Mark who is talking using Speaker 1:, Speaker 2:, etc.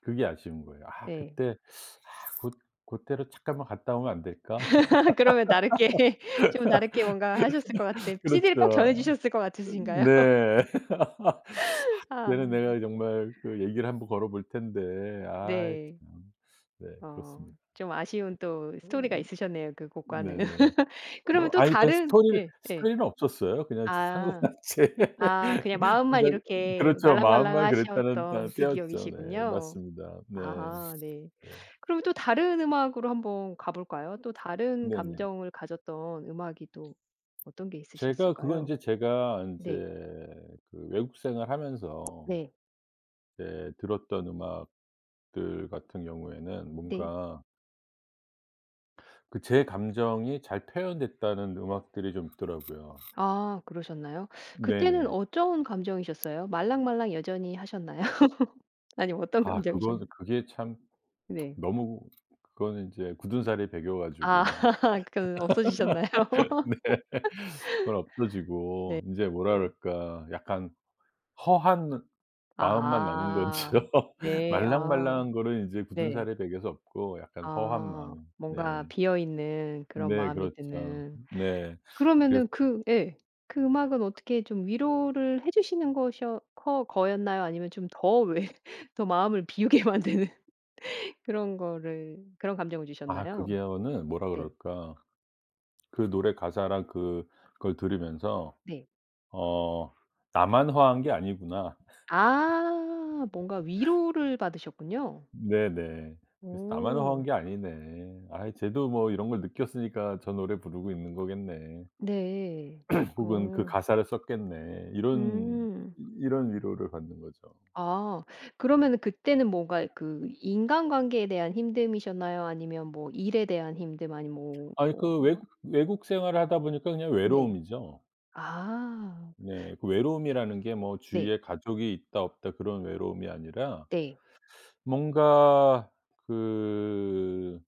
Speaker 1: 그게 아쉬운 거예요. '아
Speaker 2: 네.
Speaker 1: 그때, 아 고 고때로 잠깐만 갔다 오면 안 될까?'
Speaker 2: 그러면 다르게 좀 다르게 뭔가 하셨을 것 같으세요? 시디를 꼭
Speaker 1: 그렇죠.
Speaker 2: 전해주셨을 것 같으신가요?
Speaker 1: 네. 아 그때는
Speaker 2: 아.
Speaker 1: 내가 정말 그 얘기를 1 번 걸어볼 텐데. 아이
Speaker 2: 네.
Speaker 1: 참. 네
Speaker 2: 어
Speaker 1: 그렇습니다.
Speaker 2: 좀 아쉬운 또 스토리가 있으셨네요, 그 곡과는.
Speaker 1: 네네.
Speaker 2: 그러면
Speaker 1: 뭐
Speaker 2: 또
Speaker 1: 아니 그냥
Speaker 2: 다른
Speaker 1: 스토리
Speaker 2: 예 예.
Speaker 1: 스토리는 없었어요. 그냥 저 상황만
Speaker 2: 아.
Speaker 1: 제
Speaker 2: 아 그냥 마음만
Speaker 1: 혼자
Speaker 2: 이렇게
Speaker 1: 그렇죠. 마음만 그랬다는 아
Speaker 2: 말랑말랑하셨던 그
Speaker 1: 때였죠. 네.
Speaker 2: 기억이시군요.
Speaker 1: 맞습니다. 네.
Speaker 2: 아 네.
Speaker 1: 네.
Speaker 2: 그럼 또 다른 음악으로 1 번 가볼까요? 또 다른
Speaker 1: 네네.
Speaker 2: 감정을 가졌던 음악이 또 어떤 게
Speaker 1: 제가 그건
Speaker 2: 있으셨을까요?
Speaker 1: 인제 제가 인제
Speaker 2: 네.
Speaker 1: 그 외국 생활 하면서
Speaker 2: 네.
Speaker 1: 이제 들었던 음악들 같은 경우에는
Speaker 2: 네.
Speaker 1: 뭔가 그 제 감정이 잘 표현됐다는 음악들이 좀 있더라고요.
Speaker 2: 아 그러셨나요? 그때는
Speaker 1: 네네.
Speaker 2: 어떤 감정이셨어요? 말랑말랑 여전히 하셨나요? 아니면 어떤
Speaker 1: 아 그건
Speaker 2: 감정이셨나요?
Speaker 1: 그게 참
Speaker 2: 네.
Speaker 1: 너무 그거는 이제 굳은살이 배겨
Speaker 2: 아
Speaker 1: 가지고
Speaker 2: 그 없어지셨나요?
Speaker 1: 네. 그건
Speaker 2: 네
Speaker 1: 없어지고 이제 뭐라
Speaker 2: 네.
Speaker 1: 그럴까 약간 허한 느 마음만 남은
Speaker 2: 아.
Speaker 1: 거죠.
Speaker 2: 네 아.
Speaker 1: 말랑말랑한 거는 이제
Speaker 2: 네.
Speaker 1: 굳은살에 배겨서 없고 약간 허한
Speaker 2: 아.
Speaker 1: 마음. 네.
Speaker 2: 뭔가 비어 있는 그런
Speaker 1: 네
Speaker 2: 마음이
Speaker 1: 그렇죠.
Speaker 2: 드는.
Speaker 1: 네. 그래서
Speaker 2: 그러면은 그 예. 그 음악은 어떻게 좀 위로를 해 주시는 것이었 커 거였나요? 아니면 좀 더 왜 더 마음을 비우게 만드는 그런 거를 그런 감정을
Speaker 1: 아
Speaker 2: 주셨나요?
Speaker 1: 그거는 뭐라
Speaker 2: 네.
Speaker 1: 그럴까. 그 노래 가사랑 그걸 들으면서
Speaker 2: 네.
Speaker 1: '어 나만 허한 게 아니구나.'
Speaker 2: 아 뭔가 위로를 받으셨군요.
Speaker 1: 네네. 그래서 '나만 허한
Speaker 2: 어.
Speaker 1: 게 아니네. 아 쟤도 뭐 이런 걸 느꼈으니까 저 노래 부르고 있는 거겠네.'
Speaker 2: 네.
Speaker 1: 혹은 '그
Speaker 2: 어.
Speaker 1: 가사를 썼겠네.' 이런
Speaker 2: 음.
Speaker 1: 이런 위로를 받는 거죠.
Speaker 2: 아. 그러면은 그때는 뭔가 그 인간관계에 대한 힘듦이셨나요? 아니면 뭐 일에 대한 힘듦 아니면 뭐
Speaker 1: 아니
Speaker 2: 어
Speaker 1: 그
Speaker 2: 하
Speaker 1: 외국 외국 생활을 하다 보니까 그냥
Speaker 2: 네.
Speaker 1: 외로움이죠.
Speaker 2: 아.
Speaker 1: 네. 그 외로움이라는 게 뭐
Speaker 2: 네.
Speaker 1: 주위에 가족이 있다 없다 그런 외로움이 아니라.
Speaker 2: 네.
Speaker 1: 뭔가 그